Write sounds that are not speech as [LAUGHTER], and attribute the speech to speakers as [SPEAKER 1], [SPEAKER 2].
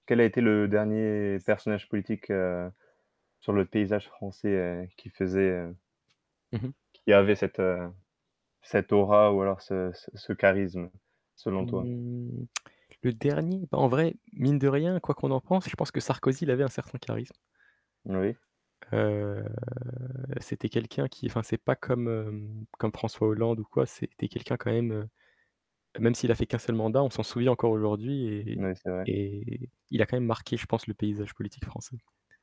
[SPEAKER 1] Quel a été le dernier personnage politique, heu, sur le paysage français, heu, qui faisait, heu
[SPEAKER 2] Mmh mh.
[SPEAKER 1] qui avait cette, heu, cette aura ou alors ce c ce charisme, selon toi?
[SPEAKER 2] Mmh [TSK] le dernier, ben en vrai, mine de rien, quoi qu'on en pense, je pense que Sarkozy, il avait un certain charisme.
[SPEAKER 1] Oui.
[SPEAKER 2] Heu, c'était quelqu'un qui, enfin c'est pas comme hem, comme François Hollande ou quoi, c'était quelqu'un quand même, heu, même s'il a fait qu'un seul mandat, on s'en souvient encore aujourd'hui et
[SPEAKER 1] Oui, c'est vrai.
[SPEAKER 2] et il a quand même marqué, je pense, le paysage politique français.